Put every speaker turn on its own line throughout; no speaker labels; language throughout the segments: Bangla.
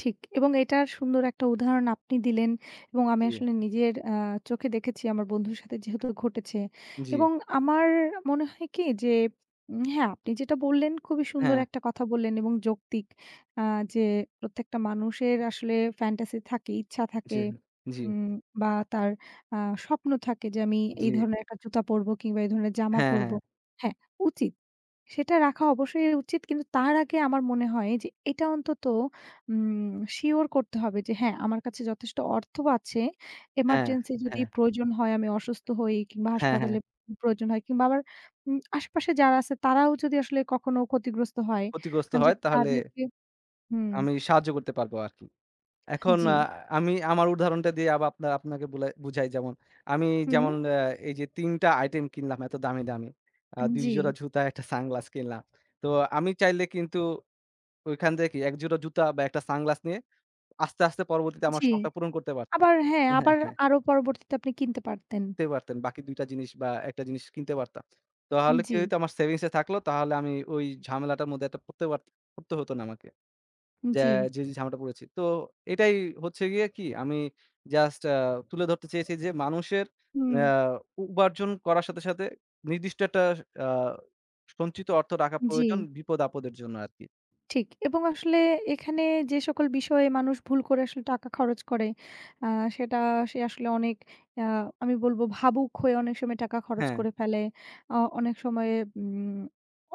ঠিক এবং এটার সুন্দর একটা উদাহরণ আপনি দিলেন। এবং আমি
জি।
আসলে নিজের আ চোখে দেখেছি, আমার বন্ধুর সাথে যেহেতু ঘটেছে।
জি।
এবং আমার মনে হয় কি? যে উম হ্যাঁ আপনি যেটা বললেন, খুবই সুন্দর
হ্যাঁ।
একটা কথা বললেন এবং যৌক্তিক। আ যে, "প্রত্যেকটা মানুষের আসলে fantasy থাকে, ইচ্ছা থাকে
জেন জি।
উম বা তার আ স্বপ্ন থাকে যে আমি এই
জি।
ধরনের একটা জুতা পরবো কিংবা এই ধরনের জামা
হ্যাঁ,
পরবো"
হ্যাঁ।
হ্যাঁ, উচিত সেটা রাখা অবশ্যই উচিত। কিন্তু তার আগে আমার মনে হয় যে এটা অন্তত উম শিওর করতে হবে যে, "হ্যাঁ! আমার কাছে যথেষ্ট অর্থও আছে,
হ্যাঁ,
এমার্জেন্সি যদি
হ্যাঁ।
প্রয়োজন হয় আমি অসুস্থ হই কিংবা
হ্যাঁ, হ্যাঁ।
হাসপাতালে উম প্রয়োজন হয় কিংবা আমার উম আশপাশে যারা আছে তারাও যদি আসলে কখনো ক্ষতিগ্রস্ত হয়,
ক্ষতিগ্রস্ত
আমি যে
হয় তাহলে
তাদেরকে" হুম।
আমি সাহায্য করতে পারবো আরকি।
হা
এখন
জি।
আ আমি আমার উদাহরণটা দিয়ে আব আপনা আপনাকে বুলাই বুঝাই যেমন, আমি যেমন
হু।
অ্যা এইযে ৩ টা আইটেম কিনলাম এত দামি, দামি, আ
এন
২ জোড়া
জি।
জুতা, ১ টা সানগ্লাস কিনলাম। তো আমি চাইলে কিন্তু ঐখান থেকেই ১ জোড়া জুতা বা ১ টা সানগ্লাস নিয়ে আস্তে, আস্তে পরবর্তীতে আমার
জি
শখটা পূরণ করতে পারতাম
আবার হ্যাঁ
হ্যাঁ,
আবার
হ্যাঁ।
আরো পরবর্তীতে আপনি কিনতে পারতেন।
তে পারতেন। বাকি ২ টা জিনিস বা ১ টা জিনিস কিনতে পারতাম।
এন
তাহলে কি
জি।
হইতো আমার সেভিংসে থাকলো তাহলে আমি ওই ঝামেলাটার মধ্যে এট পরতে পারত পড়তে হতো না আমাকে। জ্যা
জি।
যে যে ঝামেলাটা পড়েছি। তো এটাই হচ্ছে গিয়ে কি আমি জাস্ট আ তুলে ধরতে চেয়েছি যে মানুষের
হুম।
নেয়া উ উপার্জন করার সাথে, সাথে নির্দিষ্ট একটা আ সঞ্চিত অর্থ রাখা প্রয়োজন
জি।
বিপদ-আপদের জন্য আরকি।
ঠিক এবং আসলে এখানে যে সকল বিষয়ে মানুষ ভুল করে আসলে টাকা খরচ করে, আ সেটা সে আসলে অনেক অ্যা আমি বলবো ভাবুক হয়ে অনেক সময় টাকা খরচ
হ্যাঁ।
করে ফেলে। আ অনেক সময়ে উম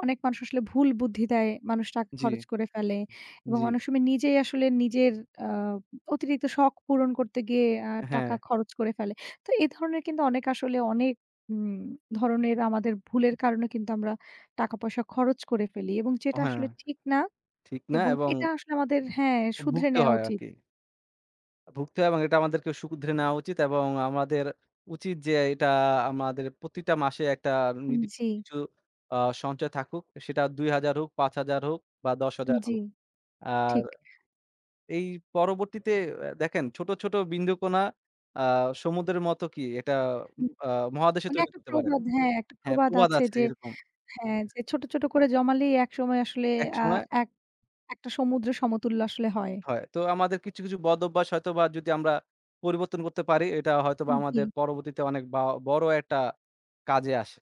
অনেক মানুষ আসলে ভুল বুদ্ধি দেয়, মানুষ টাকা
জি,
খরচ করে ফেলে।
উম
এবং
জি।
অনেক সময় নিজেই আসলে নিজের আ উম অতিরিক্ত শখ পূরণ করতে গিয়ে আ টাকা
হ্যাঁ।
খরচ করে ফেলে। তো এ ধরনের কিন্তু অনেক আসলে অনেক উম ধরনের আমাদের ভুলের কারণে কিন্তু আমরা টাকা পয়সা খরচ করে ফেলি এবং
অ
যেটা
হ্যাঁ,
আসলে ঠিক না।
ঠিক না
এবং
এবং
এটা আসলে আমাদের হ্যাঁ,
অ
শুধরে
ভুগতে
নেয়া
হয়
উচি
আরকি। আ ভুগতে হয় এবং এটা আমাদেরকে শুধরে নেওয়া উচিত এবং আমাদের উচিত যে এইটা আমাদের প্রতিটা মাসে একটা
আন
নিদি
জি।
কিছু আ সঞ্চয় থাকুক। সেটা ৳২,০০০ হোক, ৳৫,০০০ হোক বা ৳১০,০০০
জি,
হো আর
ঠিক।
এই পরবর্তীতে আ দেখেন, "ছোট, ছোট বিন্দুকণা আ সমুদ্রের মত কি এটা
হুম।
উম আ মহাদেশে
মানে
তৈরি
একটা
করতে পারে"
প্রবাদ হ্যাঁ, একটা
হ্যাঁ,
প্রবাদ
প্রবাদ
আছে
আছে
যে
এরকম।
হ্যাঁ যে, "ছোট, ছোট করে জমালেই একসময় আসলে আ
একসময়
এক একটা সমুদ্র সমতুল্য আসলে হয়।"
হয়। তো আমাদের কিছু, কিছু বদভ্যাস হয়তোবা যদি আমরা পরিবর্তন করতে পারি, এটা হয়তোবা
আন
আমাদের
জি।
পরবর্তীতে অনেক বাও বড় একটা কাজে আসে।